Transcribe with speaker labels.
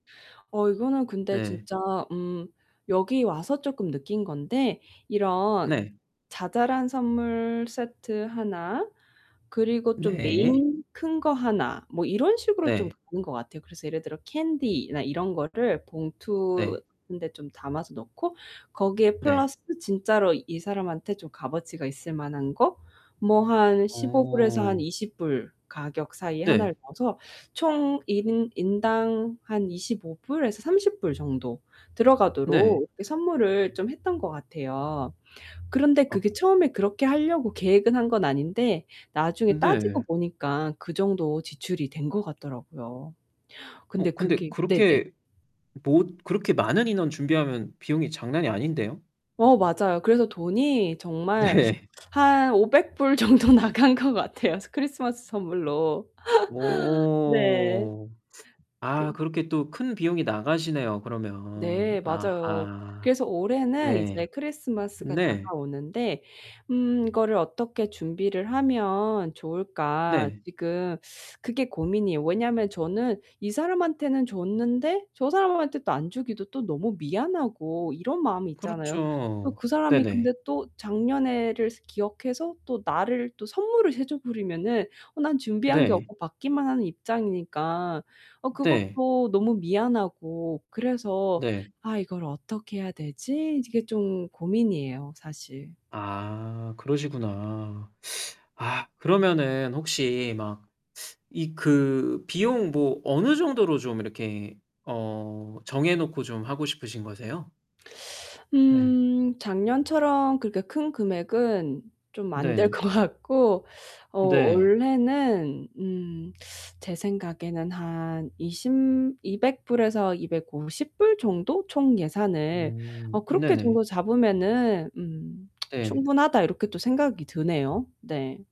Speaker 1: 어, 이거는 근데
Speaker 2: 네.
Speaker 1: 진짜 음 여기 와서 쪼끔 느낀 건데 이런
Speaker 2: 네.
Speaker 1: 자잘한 선물 세트 하나, 그리고 좀
Speaker 2: 네.
Speaker 1: 메인 큰 거 하나, 뭐 이런 식으로 좀
Speaker 2: 네.
Speaker 1: 보는 것 같아요. 그래서 예를 들어 캔디나 이런 거를
Speaker 2: 네.
Speaker 1: 봉투에 좀 담아서 넣고 거기에
Speaker 2: 네.
Speaker 1: 플러스 진짜로 이 사람한테 좀 값어치가 있을만한 거 뭐 한 $15 에서 한
Speaker 2: 어.
Speaker 1: $20 가격이. 이
Speaker 2: 네.
Speaker 1: 하나를 넣어서 총 1 인 인당 한 $25 불에서 $30 정도
Speaker 2: 네.
Speaker 1: 들어가도록 이렇게 선물을 좀 했던 것 같아요. 그런데
Speaker 2: 아.
Speaker 1: 그게 처음에 그렇게 하려고 계획을 한 건 아닌데 나중에 따지고
Speaker 2: 네.
Speaker 1: 보니까 그 정도 지출이 된 것 같더라고요. 근데
Speaker 2: 어 근데
Speaker 1: 그게 네네.
Speaker 2: 그렇게 모 그렇게 많은 인원 준비하면 비용이 장난이 아닌데요.
Speaker 1: 어, 맞아요. 그래서 돈이 정말
Speaker 2: 네.
Speaker 1: 한 $500 정도 나간 것 같아요. 크리스마스 선물로. 네.
Speaker 2: 어.
Speaker 1: 그
Speaker 2: 아 그렇게 또 큰 비용이 나가시네요 그러면.
Speaker 1: 네, 맞아요.
Speaker 2: 아하.
Speaker 1: 그래서 올해는
Speaker 2: 네.
Speaker 1: 이제 크리스마스가
Speaker 2: 네.
Speaker 1: 다가오는데 음 이거를 어떻게 준비를 하면 좋을까.
Speaker 2: 네.
Speaker 1: 지금 그게 고민이에요. 왜냐하면 저는 이 사람한테는 줬는데 저 사람한테 또 안 주기도 또 너무 미안하고 이런 마음이 있잖아요.
Speaker 2: 그렇죠.
Speaker 1: 그 사람이
Speaker 2: 네네.
Speaker 1: 근데 또 작년에를 기억해서 또 나를 또 선물을 해 줘 버리면 어 난 준비한 게
Speaker 2: 네.
Speaker 1: 없고 받기만 하는 입장이니까 어
Speaker 2: 네.
Speaker 1: 그것도 너무 미안하고 그래서
Speaker 2: 네.
Speaker 1: '아 이걸 어떻게 해야 되지?' 이게 좀 고민이에요. 사실.
Speaker 2: 아 그러시구나. 아 그러면은 혹시 막 이 그 비용 뭐 어느 정도로 좀 이렇게 어 정해 놓고 좀 하고 싶으신 거세요? 네.
Speaker 1: 음 작년처럼 그렇게 큰 금액은 좀 안 될
Speaker 2: 네.
Speaker 1: 것 같고 어
Speaker 2: 네.
Speaker 1: 원래는 음 제 생각에는 한 20 $200 에서 $250 정도 총 예산을
Speaker 2: 음
Speaker 1: 어 그렇게
Speaker 2: 네네.
Speaker 1: 정도 잡으면은 음
Speaker 2: 네.
Speaker 1: 충분하다 이렇게 또 생각이 드네요. 네.